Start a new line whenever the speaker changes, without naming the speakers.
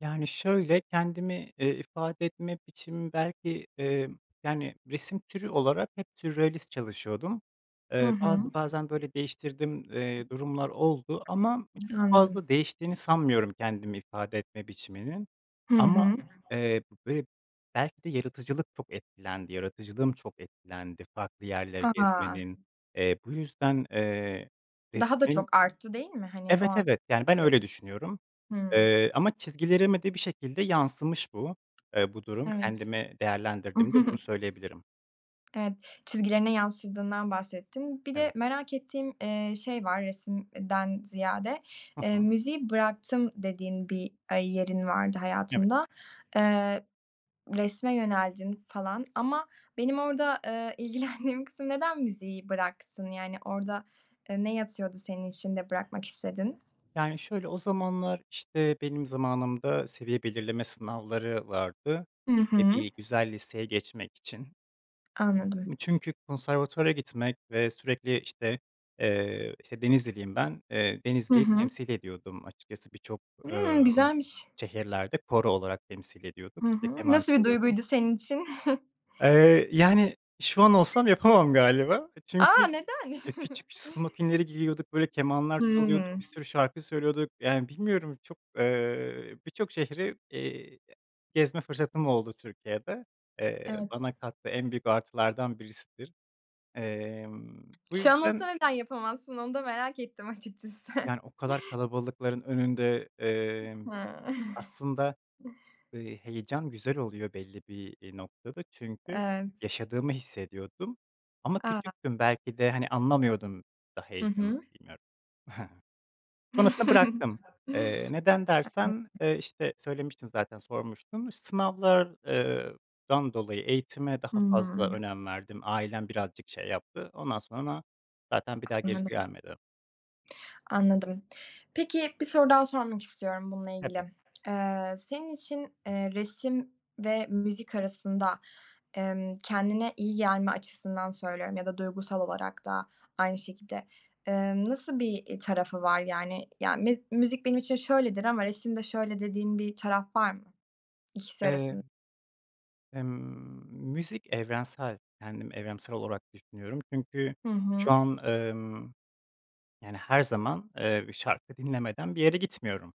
Yani, şöyle, kendimi, eee, ifade etme biçimim belki, eee, yani, resim türü olarak hep sürrealist çalışıyordum.
Hı
Eee,
hı.
bazı, bazen, böyle, değiştirdiğim, eee, durumlar oldu ama çok
Anladım.
fazla değiştiğini sanmıyorum kendimi ifade etme biçiminin.
Hı
Ama,
hı.
eee, b be belki de yaratıcılık çok etkilendi, yaratıcılığım çok etkilendi farklı yerleri
A!
gezmenin. Eee, bu yüzden, eee,
Daha da
resmin
çok arttı, değil mi? Hani, o
Evet,
an
evet, yani, ben
öyle.
öyle düşünüyorum.
Hımm.
Eee, ama çizgilerime de bir şekilde yansımış bu, eee, bu durum.
Evet.
Kendimi değerlendirdiğimde bunu söyleyebilirim.
Evet. Çizgilerine yansıdığından bahsettin. Bir de
Evet.
merak ettiğim, eee, şey var resim eee, den ziyade.
Hı
Eee,
hı.
müziği bıraktım dediğin bir, aaa, yerin vardı
Evet.
hayatında, eee, resme yöneldin falan ama benim orada, ııı, ilgilendiğim kısım, neden müziği bıraktın, yani, orada, eee, ne yatıyordu senin içinde bırakmak istedin?
Yani, şöyle, o zamanlar, işte, benim zamanımda seviye belirleme sınavları vardı,
Hı
eee,
hı.
bir güzel liseye geçmek için.
Anladım.
Çünkü konservatuvara gitmek ve sürekli, işte, eee, işte, Denizliliyim ben. Eee,
Hı
Denizli'yi
hı.
temsil ediyordum açıkçası birçok,
Imm.
ımm,
Güzelmiş.
şehirlerde koro olarak temsil ediyorduk,
Hı
işte,
hı.
keman
Nasıl bir
çalıyordum.
duyguydu senin için?
Eee, yani şu an olsam yapamam galiba. Eee, çünkü,
A, neden?
eee, küçük smokinleri giyiyorduk, böyle kemanlar çalıyorduk,
Hımm.
bir sürü şarkı söylüyorduk. Yani, bilmiyorum çok, eee, birçok şehri, eee, gezme fırsatım oldu Türkiye'de. Eee,
Evet.
bana kattığı en büyük artılardan birisidir. Emm, bu
Şu an
yüzden
olsa neden yapamazsın, onu da merak ettim açıkçası.
Yani, o kadar kalabalıkların önünde, emm,
Hıı.
aslında, eee, heyecan güzel oluyor belli bir, iii, noktada çünkü
Evet.
yaşadığımı hissediyordum ama
A!
küçüktüm belki de, hani, anlamıyordum da
Hı
heyecanı,
hı.
bilmiyorum. Sonrasında bıraktım. Eee, neden dersen, eee, işte, söylemiştim zaten, sormuştun. İş sınavlar eee, dan dolayı eğitime daha fazla
Hımm.
önem verdim. Ailem birazcık şey yaptı. Ondan sonra zaten bir daha gerisi
Anladım.
gelmedi.
Anladım. Peki, bir soru daha sormak istiyorum bununla
Tabii.
ilgili. Eee, senin için, eee, resim ve müzik arasında, emm, kendine iyi gelme açısından söylüyorum ya da duygusal olarak da aynı şekilde, eee, nasıl bir, iii, tarafı var? Yani, ya, miz müzik benim için şöyledir ama resimde şöyle dediğin bir taraf var mı ikisi
Eee
arasın
Emm, müzik evrensel, kendim evrensel olarak düşünüyorum. Çünkü
Hı
şu
hı.
an, emm, yani, her zaman, eee, şarkı dinlemeden bir yere gitmiyorum.